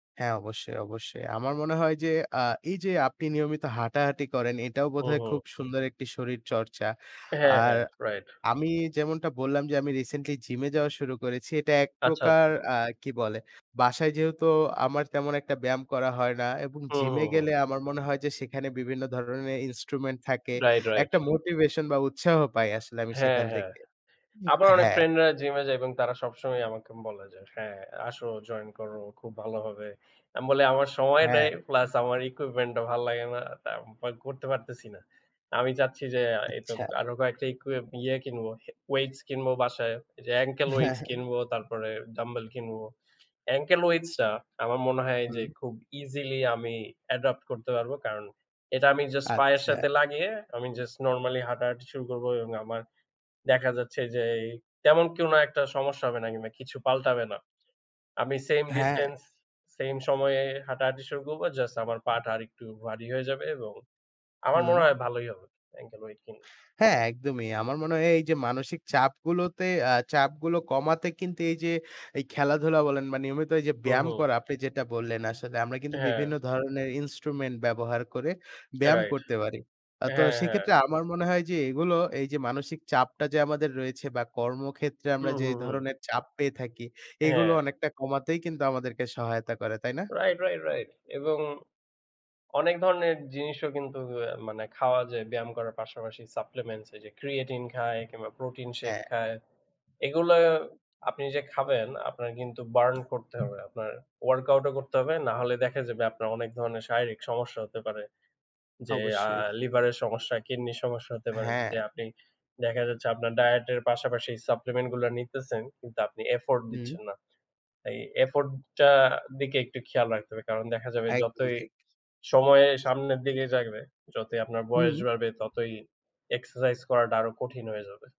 হ্যাঁ অবশ্যই, অবশ্যই। আমার মনে হয় যে, আ এই যে আপনি নিয়মিত হাঁটাহাঁটি করেন এটাও হুম, বোধহয় খুব হুম। সুন্দর একটি শরীর চর্চা। হ্যাঁ, আর হ্যাঁ, রাইট। আমি যেমনটা বললাম যে, আমি রিসেন্টলি জিমে যাওয়া শুরু করেছি। এটা এক আচ্ছা, প্রকার আচ্ছা। আ কি বলে, বাসায় যেহেতু আমার তেমন একটা ব্যায়াম করা হয় না এবং হুম, জিমে হুম, হুম। গেলে আমার মনে হয় যে সেখানে বিভিন্ন ধরনের ইন্সট্রুমেন্ট থাকে। Right, right. একটা মোটিভেশন বা উৎসাহ পাই আসলে আমি হ্যাঁ, সেখান হ্যাঁ। থেকে আবার অনেক হ্যাঁ। ফ্রেন্ডরা জিমে যায় এবং তারা সবসময় আমাকে বলে যে, "হ্যাঁ, আসো জয়েন করো, খুব ভালো হবে।" আমি বলি "আমার সময় নাই হ্যাঁ। প্লাস আমার ইকুইপমেন্ট টা ভাল লাগে না তা [unintelligible] করতে পারতেসি না।" আমি চাচ্ছি, যে আ ইকু আচ্ছা। আরো কয়েকটা ইকুইপ ইয়ে কিনবো, ওয়েটস কিনব বাসায় যে, অ্যাঙ্কেল হ্যাঁ, ওয়েটস হ্যাঁ। কিনবো, তারপরে ডাম্বেল কিনবো। অ্যাঙ্কেল ওয়েটস টা আমার মনে হয় যে, হুম। খুব ইজিলি আমি অ্যাডপ্ট করতে পারবো। কারণ এটা আমি জাস্ট পায়ের সাথে আচ্ছা। লাগিয়ে আমি জাস্ট নরমালি হাঁটাহাঁটি শুরু করব এবং আমার দেখা যাচ্ছে যে, তেমন কোনো একটা সমস্যা হবে না কিংবা কিছু পাল্টাবে না। আমি স্যাম হ্যাঁ। ডিসট্যান্স, স্যাম সময়ে হাঁটাহাঁটি শুরু করব। জাস্ট আমার পা'টা আরেকটু ভারি হয়ে যাবে এবং আমার মনে হুম। হয় ভালোই হবে অ্যাঙ্কেল ওয়েট কিনলে। হ্যাঁ একদমই, আমার মনে হয় এ এই যে মানসিক চাপগুলোতে আ চাপগুলো কমাতে কিন্তু এই যে, এই খেলাধুলা বলেন বা নিয়মিত এই যে হুম, ব্যায়াম হুম। করা আপনি যেটা বললেন আসলে আমরা কিন্তু হ্যাঁ। বিভিন্ন ধরনের ইন্সট্রুমেন্ট ব্যবহার করে ব্যায়াম রাইট করতে পারি। আ তো হ্যাঁ, হ্যাঁ। সেক্ষেত্রে আমার মনে হয় যে এগুলো এই যে মানসিক চাপটা যে আমাদের রয়েছে বা কর্মক্ষেত্রে আমরা হুম, যেই হুম, হুম। ধরনের চাপ পেয়ে থাকি, এগুলো হ্যাঁ। অনেকটা কমাতেই কিন্তু আমাদেরকে সহায়তা করে তাই না? রাইট, রাইট, রাইট এবং অনেক ধরনের জিনিসও কিন্তু অ্যা মানে খাওয়া যায় ব্যায়াম করার পাশাপাশি, সাপ্লিমেন্টস এই যে ক্রিয়েটিন খায়, কিংবা প্রোটিন শেইক হ্যাঁ। খায়। এগুলো আপনি যে খাবেন আপনার কিন্তু বার্ন করতে হবে। আপনার ওয়ার্কআউট ও করতে হবে, না হলে দেখা যাবে আপনার অনেক ধরনের শারীরিক সমস্যা হতে পারে। যে আ অবশ্যই। লিভারের সমস্যা কিডনির সমস্যা হতে পারে। হ্যাঁ। যদি আপনি দেখা যাচ্ছে আপনার ডায়েট এর পাশাপাশি সাপ্লিমেন্ট গুলা নিতেসেন কিন্তু আপনি এফোর্ট হুম। দিচ্ছেন না। এই এফোর্ট টা দিকে একটু খেয়াল রাখতে হবে, কারণ দেখা যাবে একদম যতই ঠিক। সময় সামনের দিকে জাগবে, যতই আপনার বয়স হুম। বাড়বে ততই এক্সারসাইজ করাটা আরো কঠিন হয়ে যাবে।